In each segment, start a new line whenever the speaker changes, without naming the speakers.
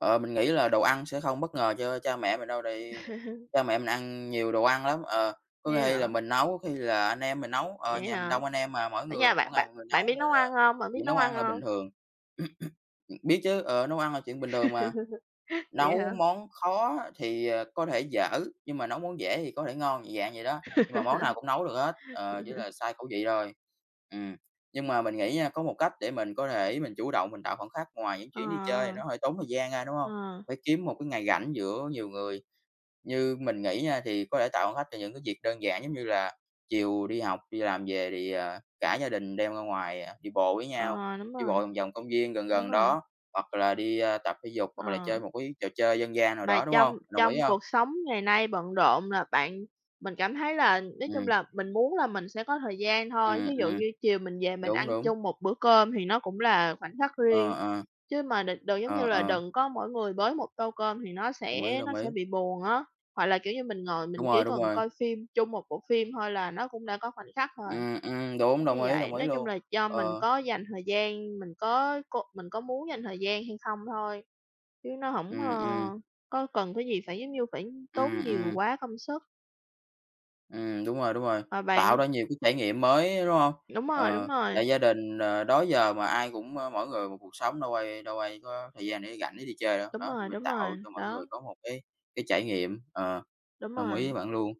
Ờ, mình nghĩ là đồ ăn sẽ không bất ngờ cho cha mẹ mình đâu, tại vì cha mẹ mình ăn nhiều đồ ăn lắm. Ờ, có
Thế
khi là
hả?
mình nấu, có khi là anh em mình nấu, ờ,
Vậy
nhà mình
hả?
đông anh em mà, mỗi
Ở
người
nhà
mỗi
bạn
ngày
bạn
một người
bạn
nấu,
biết
nên
nấu ăn
là
hông? Bạn biết
chuyện
nấu
nấu
ăn
ăn là bình
hông?
thường. Ừm, biết chứ, ờ, nấu ăn là chuyện bình thường mà.
Vậy
Nấu
hả?
món khó thì, ờ, có thể dở, nhưng mà nấu món dễ thì có thể ngon, dạng vậy đó, nhưng mà món nào cũng nấu được hết, ờ, chỉ là sai khẩu vị thôi. Ừm, nhưng mà mình nghĩ nha, có một cách để mình có thể mình chủ động mình tạo khoảnh khắc ngoài những
Ờ.
chuyến đi chơi thì nó hơi tốn thời gian ra, đúng hông?
Ờ.
Phải kiếm một cái ngày rảnh giữa nhiều người. Như mình nghĩ nha, thì có thể tạo khoảnh khắc cho những cái dịp đơn giản giống như là chiều đi học, đi làm về thì, à, cả gia đình đem ra ngoài, à, đi bộ với nhau,
Ờ, đúng
đi
rồi.
bộ vòng vòng công viên gần
Đúng
gần
rồi.
đó, hoặc là đi, a, tập thể dục hoặc là chơi
Ờ.
một cái trò chơi dân gian nào
Mà
đó, đúng
trong
hông? Đồng ý
trong
hông?
cuộc sống ngày nay bận rộn là bạn mình cảm thấy là nói chung
Ừm.
là mình muốn là mình sẽ có thời gian thôi. Thí
Ừm,
dụ
ừm.
như chiều mình về mình
Đúng,
ăn
đúng.
chung một bữa cơm thì nó cũng là khoảnh khắc
Ờ,
riêng.
ờ.
Chứ mà đ đừng giống như
Ờ,
là
ờ.
đừng có mỗi người bới một tô cơm thì nó
Đồng ý,
sẽ nó
đồng
sẽ
ý.
bị buồn á. Hoặc là, kiểu như, mình ngồi
Đúng
mình chỉ
rồi,
cần
đúng rồi.
coi phim chung một bộ phim thôi là nó cũng đã có khoảnh khắc rồi.
Ừm, ừm, đúng.
Đúng như
Đồng ý,
vậy,
đồng ý
nói chung
luôn.
là do mình
Ờ.
có dành thời gian, mình có cô mình có muốn dành thời gian hay không thôi, chứ nó hổng, ơ,
Ừm, ừm.
có cần cái gì phải, giống như, phải tốn
Ừm,
nhiều
ừm.
quá công sức.
Ừm, đúng rồi, đúng rồi.
Ờ,
Tạo
bạn.
ra nhiều cái trải nghiệm mới, đúng hông?
Đúng rồi, đúng
Ờ,
rồi.
tại gia đình, ờ, đó giờ mà ai cũng, ơ, mỗi người một cuộc sống, đâu ai đâu ai có thời gian để rảnh để đi chơi đâu.
Đúng
Đó, thì
rồi,
mình
đúng
tạo
rồi,
cho mỗi
đó.
người có một cái cái trải nghiệm. Ờ,
Đúng
đồng ý với
rồi.
bạn luôn.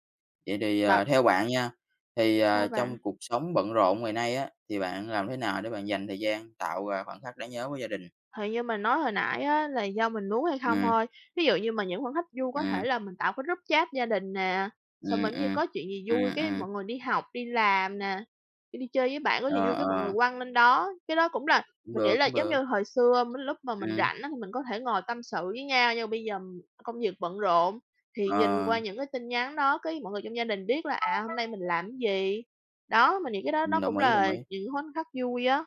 Vậy thì,
Bạn
ờ, theo bạn nha, thì, ờ,
Sao bạn?
trong cuộc sống bận rộn ngày nay á, thì bạn làm thế nào để bạn dành thời gian tạo, à, khoảnh khắc đáng nhớ với gia đình?
Thì như mình nói hồi nãy á, là do mình muốn hay không
Ừm.
thôi. Thí dụ như mà những khoảnh khắc vui có thể
Ừm.
là mình tạo cái group chat gia đình nè, xong rồi
Ừm,
giống như
ừm,
có chuyện gì vui
ừm,
cái
ừm.
mọi người đi học, đi làm nè, kiểu, đi chơi với bạn có gì
Ờ,
vui cái mọi người
ờ.
quăng lên đó. Cái đó cũng là
Cũng
mình
được,
nghĩ là
cũng
giống
được.
như hồi xưa, mấy lúc mà mình
Ừm.
rảnh á thì mình có thể ngồi tâm sự với nhau, nhưng mà bây giờ công việc bận rộn, thì nhìn qua
Ờ.
những cái tin nhắn đó cái mọi người trong gia đình biết là, à, hôm nay mình làm gì. Đó, mình nghĩ cái đó nó
Ừm,
cũng
đồng ý, đồng
là
ý.
những khoảnh khắc vui á.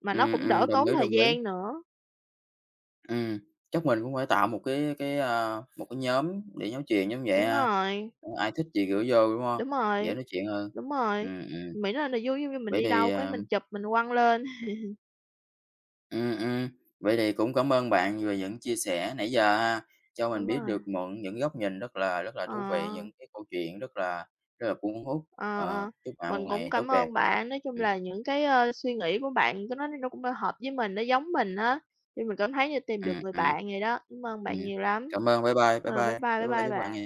Mà nó
Ừm,
cũng đỡ
ừm, đồng
tốn
ý,
thời
đồng ý.
gian nữa.
Ừm, chắc mình cũng phải tạo một cái cái, a, một cái nhóm để nói chuyện giống vậy
Đúng
ha,
rồi.
ai thích gì gửi vô, đúng hông?
Đúng
Dễ
rồi,
nói chuyện hơn.
đúng rồi.
Ừm, ừm.
Miễn là niềm vui, giống như mình
Vậy
đi
thì,
đâu cái mình
ờm
chụp mình quăng lên.
Ừm, ừm. Vậy thì cũng cảm ơn bạn về những chia sẻ nãy giờ ha, cho mình
Đúng
biết
rồi.
được mượn những góc nhìn rất là rất là thú vị,
À.
những cái câu chuyện rất là rất là cuốn hút.
Ờ,
Ờ,
ờ.
chúc bạn một
Mình cũng
ngày tốt
cảm
đẹp!
ơn bạn. Nói chung
Ừm.
là những cái, a, suy nghĩ của bạn ta nói nó cũng đã hợp với mình, nó giống mình á, thì mình cảm thấy như tìm được
Ừm,
người
ừm.
bạn vậy đó. Cảm ơn
Ừm.
bạn nhiều lắm.
Cảm ơn, bye bye, bye bye,
Ờ, bye bye,
bye
bye
bye,
bye
chúc bạn ngày
bạn.